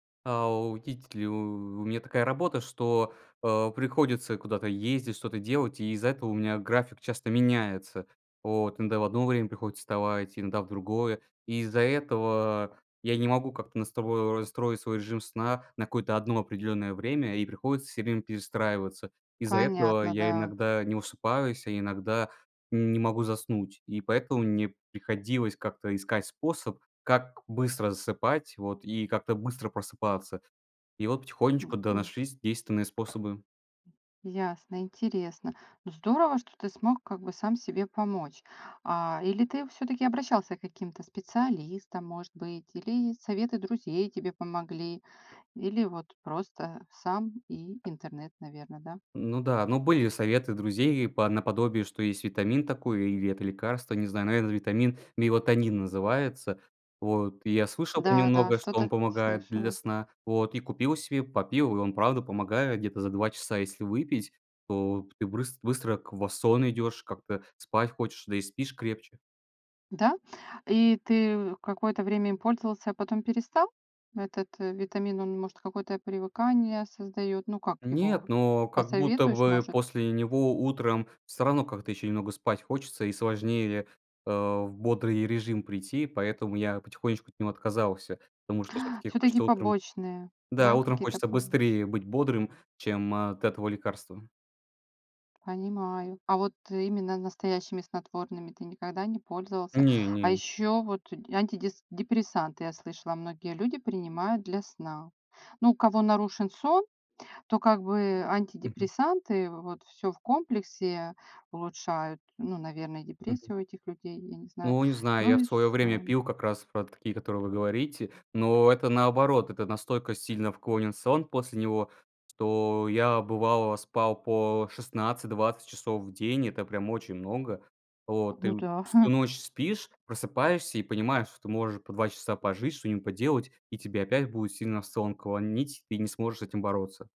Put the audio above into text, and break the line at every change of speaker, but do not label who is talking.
А, у тить ли у У меня такая работа, что, а, приходится куда-то ездить, что-то делать, и из-за этого у меня график часто меняется, вот. Иногда в одно время приходится вставать, иногда в другое. И из-за этого я не могу как-то настрои настроить свой режим сна на какое-то одно определённое время, и приходится всё время перестраиваться. Из-за этого
Понятно,
я
да.
иногда не высыпаюсь, а иногда не могу заснуть, и поэтому мне приходилось как-то искать способ, как быстро засыпать вот и как-то быстро просыпаться. И вот потихонечку, да,
Мгм.
нашлись действенные способы.
Ясно, интересно. Ну, здорово, что ты смог как бы сам себе помочь, а Или ты всё-таки обращался к каким-то специалистам, может быть, или советы друзей тебе помогли, или вот просто сам и интернет, наверно, да?
Ну да, ну, были советы друзей и по наподобие, что есть витамин такой или это лекарство, не знаю, наверное, это витамин, мелатонин называется вот. Я слышал про него
Да-да,
много, что он
что-то
помогает для
слышала.
сна вот. И купил себе, попил, он правда помогает где-то за 2 часа. Если выпить, то ты брыс быстро к в сон идешь, как-то спать хочешь, да и спишь крепче.
Да, и ты какое-то время им пользовался, а потом перестал? Этот витамин, он, может, какое-то привыкание создаёт. Ну, как его,
Нет, но как будто
посоветуешь,
бы
может?
после него утром всё равно как-то ещё немного спать хочется и сложнее, а, в бодрый режим прийти. Поэтому я потихонечку от него отказался, потому что всё-таки
Всё-таки
хочется утром
побочные,
Да,
да,
утром
какие-то
хочется
побочные?
быстрее быть бодрым, чем от этого лекарства.
Понимаю. А вот именно настоящими снотворными ты никогда не пользовался? А
Не-не.
ещё вот д антидис депрессанты я слышала, многие люди принимают для сна. Ну, у кого нарушен сон, то как бы
Мгм.
антидепрессанты, вот всё в комплексе улучшают, ну, наверное,
Мгм.
депрессию у этих людей, я не знаю.
Ну, не знаю,
Ну
я в
и
своё время
сон.
пил как раз про такие, которые вы говорите, но это наоборот, это настолько сильно вклонен сон после него, что я бывало спал по 16-20 часов в день. Это прям очень много вот. И
Ну да.
всю ночь спишь, просыпаешься и понимаешь, что ты можешь по 2 часа пожить, что-нибудь поделать, и тебе опять будет сильно в сон клонить, ты не сможешь с этим бороться.